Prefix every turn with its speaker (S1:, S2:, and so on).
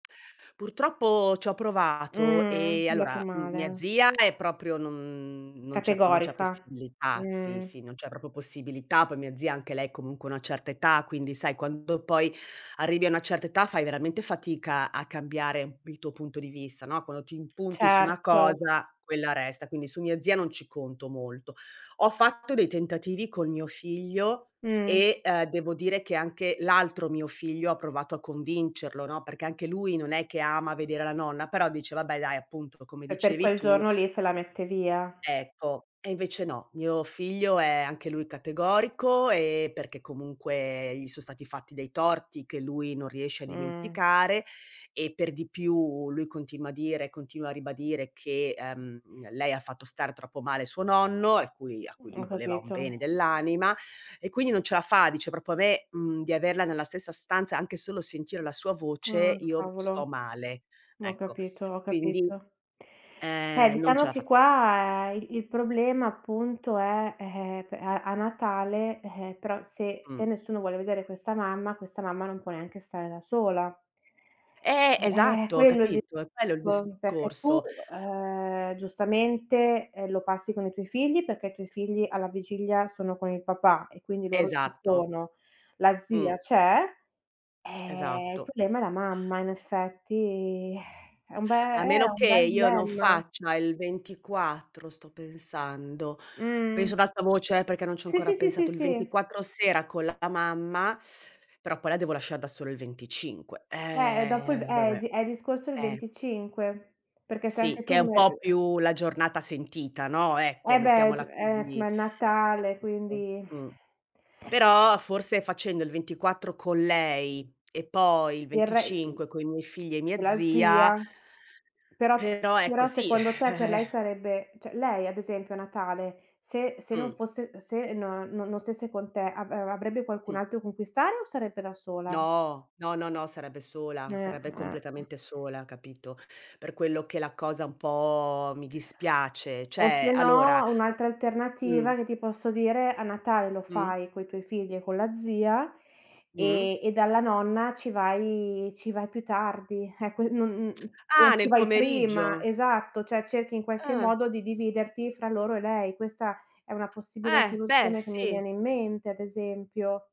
S1: Purtroppo ci ho provato
S2: Mhmm,
S1: e
S2: andata
S1: allora, uhm, mia
S2: male.
S1: zia è proprio non non c'è non c'è
S2: Categorica,
S1: possibilità, sì,
S2: mh.
S1: sì, non c'è proprio possibilità, poi mia zia anche lei comunque ha una certa età. Quindi sai quando poi arrivi a una certa età fai veramente fatica a cambiare il tuo punto di vista, no, quando ti impunti su una
S2: Certo.
S1: cosa quella resta, quindi su mia zia non ci conto molto. Ho fatto dei tentativi con mio figlio
S2: Mh.
S1: e ehm devo dire che anche l'altro mio figlio ha provato a convincerlo, no, perché anche lui non è che ama vedere la nonna, però dice vabbè dai appunto come
S2: E per
S1: dicevi
S2: quel
S1: tu
S2: giorno lì se la mette via.
S1: ecco. E invece no, mio figlio è anche lui categorico e perché comunque gli sono stati fatti dei torti che lui non riesce a
S2: Mh.
S1: dimenticare e per di più lui continua a dire, continua a ribadire che, ehm, lei ha fatto stare troppo male suo nonno a cui a cui
S2: Mh,
S1: lui
S2: ho
S1: voleva un
S2: capito.
S1: bene dell'anima e quindi non ce la fa, dice proprio a me, uhm, di averla nella stessa stanza, anche solo sentire la sua
S2: Ah,
S1: voce, io
S2: cavolo,
S1: sto male,
S2: ho
S1: ecco.
S2: capito, ho
S1: Quindi,
S2: capito. Eh,
S1: ehm, non ce
S2: diciamo
S1: la
S2: che
S1: fa
S2: qua il il problema appunto è, eh eh, pe a a Natale, eh, però se se
S1: Mh.
S2: nessuno vuole vedere questa mamma, questa mamma non può neanche stare da sola.
S1: Eh!
S2: Eh eh, è
S1: Esatto,
S2: quello il
S1: capito? È quello il
S2: discorso, perché tu,
S1: discorso.
S2: ehm, giustamente, eh, lo passi con i tuoi figli, perché i tuoi figli alla vigilia sono con il papà e quindi loro ci
S1: Esatto.
S2: sono, la
S1: Mh.
S2: zia c'è, eh, il
S1: Esatto.
S2: problema è la mamma in effetti, eh. È un be eh,
S1: A
S2: è
S1: meno
S2: un
S1: che
S2: bel
S1: io non
S2: dilemma.
S1: faccia il 24 sto pensando, penso
S2: Mh-mh.
S1: ad alta voce eh, perché non ci ho
S2: Sì,
S1: ancora
S2: sì, sì, sì,
S1: pensato, il
S2: sì.
S1: 24 sera con la mamma, però poi la devo lasciar da sola il 25.
S2: Eh, dopo il ve
S1: Eh,
S2: eh, il
S1: vabbè,
S2: di eh il discorso è il
S1: eh.
S2: 25, perché se anche
S1: Sì, che
S2: tu
S1: è un
S2: me
S1: po'
S2: eh.
S1: più la giornata sentita, no, ecco,
S2: Eh beh g
S1: mettiamola
S2: eh, insomma
S1: così,
S2: è il Natale,
S1: capito?
S2: quindi
S1: Mh. Però forse facendo il 24 con lei e poi il
S2: Il re i
S1: 25 coi miei figli e
S2: e
S1: mia
S2: la
S1: zia
S2: zia, però p
S1: però ecco
S2: però
S1: sì.
S2: secondo te per
S1: Eh,
S2: lei
S1: eh
S2: sarebbe, cioè lei ad esempio a Natale se se non
S1: Mh.
S2: fosse, se no non stesse con te avr avrebbe qualcun
S1: Mh.
S2: altro con cui stare o sarebbe da sola?
S1: No. No, no, no, sarebbe
S2: Eh,
S1: sola, sarebbe
S2: eh, eh.
S1: completamente sola, capito, per quello che la cosa un po' mi dispiace,
S2: O se
S1: cioè allora
S2: no, un'altra
S1: Mh.
S2: alternativa che ti posso dire a Natale lo
S1: Mh.
S2: fai coi tuoi figli e con la zia,
S1: Mh.
S2: e e dalla nonna ci vai ci vai più tardi, eh qui non non o
S1: Ah!
S2: ci
S1: Nel
S2: vai prima,
S1: pomeriggio?
S2: esatto, cioè cerchi in qualche
S1: Ah.
S2: modo di dividerti fra loro e lei. Questa è una possibile
S1: Eh, beh,
S2: soluzione che mi
S1: sì.
S2: viene in mente ad esempio.